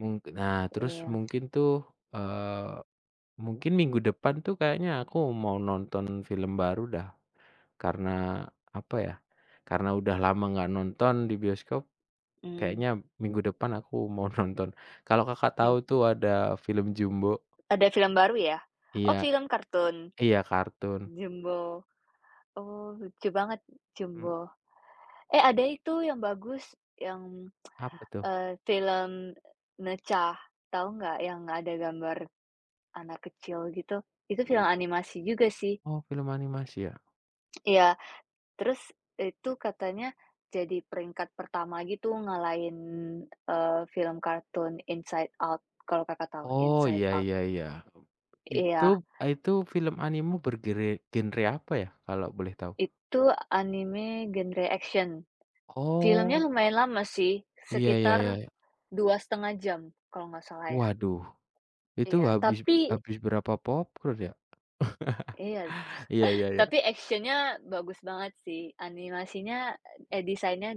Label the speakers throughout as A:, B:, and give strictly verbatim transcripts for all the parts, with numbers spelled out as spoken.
A: Mung nah, terus
B: Iya.
A: mungkin tuh, eee, mungkin minggu depan tuh kayaknya aku mau nonton film baru dah, karena apa ya, karena udah lama enggak nonton di bioskop.
B: Mmm.
A: Kayaknya, minggu depan aku mau nonton. Kalau Kakak,
B: Hmm.
A: tahu tuh ada film Jumbo.
B: Ada film baru ya? Oh
A: Iya.
B: film kartun.
A: iya kartun.
B: Jumbo. Oh, lucu banget,
A: Hmm.
B: Jumbo. Eh, ada itu yang bagus yang,
A: Apa tuh?
B: eee, film Ne Zha tahu enggak yang ada gambar anak kecil gitu, itu
A: Mmm.
B: film animasi juga sih.
A: Oh, film animasi ya?
B: Iya, terus itu katanya jadi peringkat pertama gitu ngalahin eee, film kartun Inside Out, kalau Kakak, tahu
A: Oh,
B: Inside
A: ya
B: Out.
A: ya ya. Mmm, Itu
B: Iya.
A: itu film animu bergere genre apa ya, kalau boleh tahu?
B: Itu anime genre action. Film-nya
A: Oh.
B: lumayan lama sih
A: Iya ya ya
B: sekitar
A: ya.
B: dua setengah jam, kalau enggak salah ya.
A: Waduh, itu
B: Iya,
A: habis
B: tapi
A: habis berapa popcorn ya?
B: Iya,
A: Iya ya ya.
B: tapi action-nya bagus banget sih. Animasinya, eh design-nya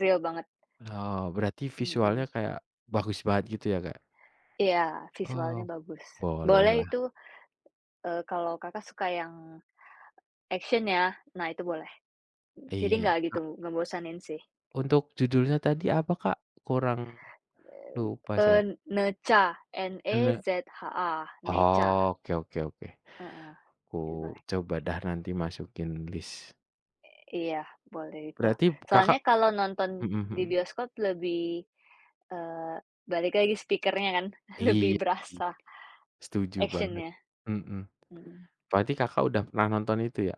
B: real banget.
A: Oh, berarti visualnya
B: Mhm.
A: kayak bagus banget gitu ya Kak?
B: Iya, visualnya
A: Oh,
B: bagus. Boleh
A: bolehlah.
B: itu, eee, kalau Kakak, suka yang action ya, nah itu boleh. Jadi,
A: Iya.
B: enggak gitu
A: A
B: ngebosanin sih.
A: Untuk judulnya tadi apa Kak? Kurang
B: Eee
A: lupa
B: eee,
A: saya.
B: Ne Zha, N-E
A: Ane
B: Z-H-A, Ne Zha.
A: Oke oke oke.
B: Heeh,
A: Aku
B: itu boleh.
A: coba dah nanti masukin list.
B: Eee, iya, boleh itu.
A: Berarti Kakak
B: Soalnya, kalau nonton
A: hmm
B: di
A: hmm.
B: bioskop lebih eee, balik lagi speaker-nya kan lebih
A: Iya,
B: berasa
A: setuju banget.
B: action-nya,
A: Hmm.
B: mhm.
A: Berarti Kakak, udah pernah nonton itu ya?